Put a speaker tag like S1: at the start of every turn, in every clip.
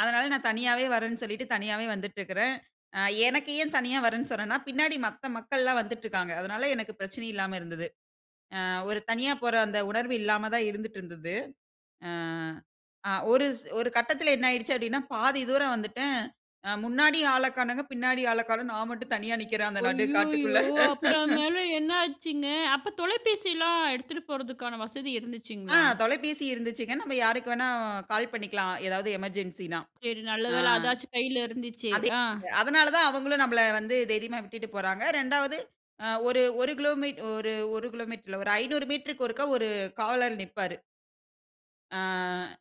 S1: அதனால நான் தனியாவே வர்றேன்னு சொல்லிட்டு தனியாவே வந்துட்டுருக்கிறேன். அ எனக்கு ஏன் தனியா வர்றேன்னு சொன்னேன்னா, பின்னாடி மத்த மக்கள்லாம் வந்துட்டுருக்காங்க. அதனால எனக்கு பிரச்சனை இல்லாம இருந்தது. அ ஒரு தனியா போற அந்த உணர்வு இல்லாம தான் இருந்துட்டுருந்தது. அ, அ ஒரு ஒரு கட்டத்தில என்ன ஆயிடுச்சு அப்பிடீன்னா, பாதி தூரம் வந்துட்டேன். அ முன்னாடி ஆள காணங்க, பின்னாடி ஆள காணோம். நான் மட்டும் தனியா நிற்கிறேன் அந்த நடு காட்டுக்குள்ள
S2: அய்யயோ! அப்புறம் மேல என்ன ஆச்சுங்க? அப்ப தொலைபேசில்லாம் எடுத்துட்டு போறதுக்கான வசதி
S1: ஆ
S2: இருந்துச்சுங்களா?
S1: தொலைபேசி இருந்துச்சுங்க. நம்ப யாருக்கு வேணா கால் பண்ணிக்கலாம். ஏதாவது எமர்ஜென்சின்னா.
S2: சரி,
S1: ஆ
S2: நல்லவேளை அதாச்சும் கையில இருந்துச்சே!
S1: அதே
S2: ஆ.
S1: அதனால தான் அவுங்களும் நம்பள வந்து தைரியமா விட்டுட்டு போறாங்க. 2 வது அ ஒரு, ஒரு கிலோமீட் ஒரு, ஒரு கிலோமீட்டர் இல்ல, ஒரு 500 மீட்டருக்கு ஒருக்கா ஒரு காவலர் நிற்பாரு. ஆ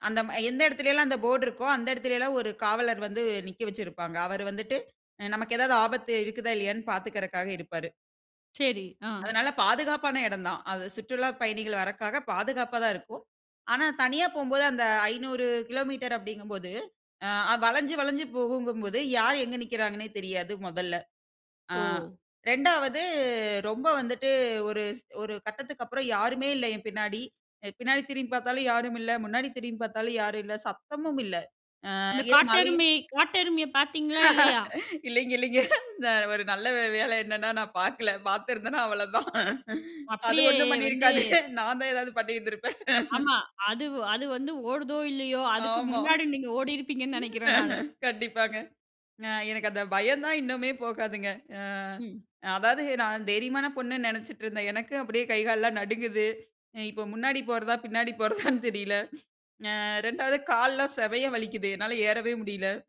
S1: அந்த ம எந்த எடத்திலல்லாம் அந்த போர்ட் இருக்கோ, அந்த எடத்திலல்லாம் ஒரு காவலர் வந்து நிக்க வச்சுருப்பாங்க. அவரு வந்துட்டு அ நமக்கு ஏதாவது ஆபத்து இருக்குதா? இல்லயான்னு பார்த்துக்குறக்காக இருப்பாரு.
S2: சரி, ஆ.
S1: அதனால பாதுகாப்பான இடந்தான். அது சுற்றுலாப் பயணிகள் வரதுக்காக பாதுகாப்பா தான் இருக்கும். ஆனா, தனியா போகும்போது அந்த 500 கிலோமீட்டர் அப்பிடீங்கம்போது, அ வளஞ்சு, வளஞ்சு போகுங்கும்போது யார் எங்க நிற்கிறாங்கன்னே தெரியாது முதல்ல. அ
S2: ஓ!
S1: 2 வது ரொம்ப வந்துட்டு ஒரு ஒரு கட்டத்துக்கு அப்பறம் யாருமே இல்ல என் பின்னாடி. அ பின்னாடி திரும்பிப் பார்த்தாலும் யாருமில்ல. முன்னாடி திரும்பிப் பார்த்தாலும் யாருல்ல. சத்தமுமில்ல. அ
S2: அந்த
S1: [unintelligible]
S2: காட்டெருமை காட்டெருமைய பார்த்தீங்களா? இல்லயா?
S1: இல்லேங்க, இல்லேங்க. இந்த ஒரு நல்ல வேளை என்னன்னா, நான் பாக்கல. பார்த்திருந்தன்னா அவ்வளதான் அது
S2: அப்பிடியே
S1: 1 ம்
S2: வந்து
S1: பண்ணியிருக்காது. நான் தான் ஏதாவது பண்ணியிருந்திருப்பேன்.
S2: ஆமா. அதுவ் அது வந்து ஓடுதோ! இல்லயோ! அதுக்கு
S1: ஆமா
S2: முன்னாடி நீங்க ஓடியிருப்பீங்கன்னு நெனைக்கிறேன் நானு.
S1: கண்டிப்பாங்க. அ எனக்கு அந்த பயந்தான் இன்னுமே போகாதுங்க. அ
S2: ம்.
S1: அதாவது நான் தைரியமான பொண்ணுன்னு நெனைச்சிட்டுருந்தேன். எனக்கும் அப்பிடியே கை, கால்லாம் நடுங்குது. இ இப்போ முன்னாடி போறதா! பின்னாடி போறதான்னு தெரியல அ 2 வது கால்லாம் செமையா வலிக்குது. என்னால ஏறவே முடியல.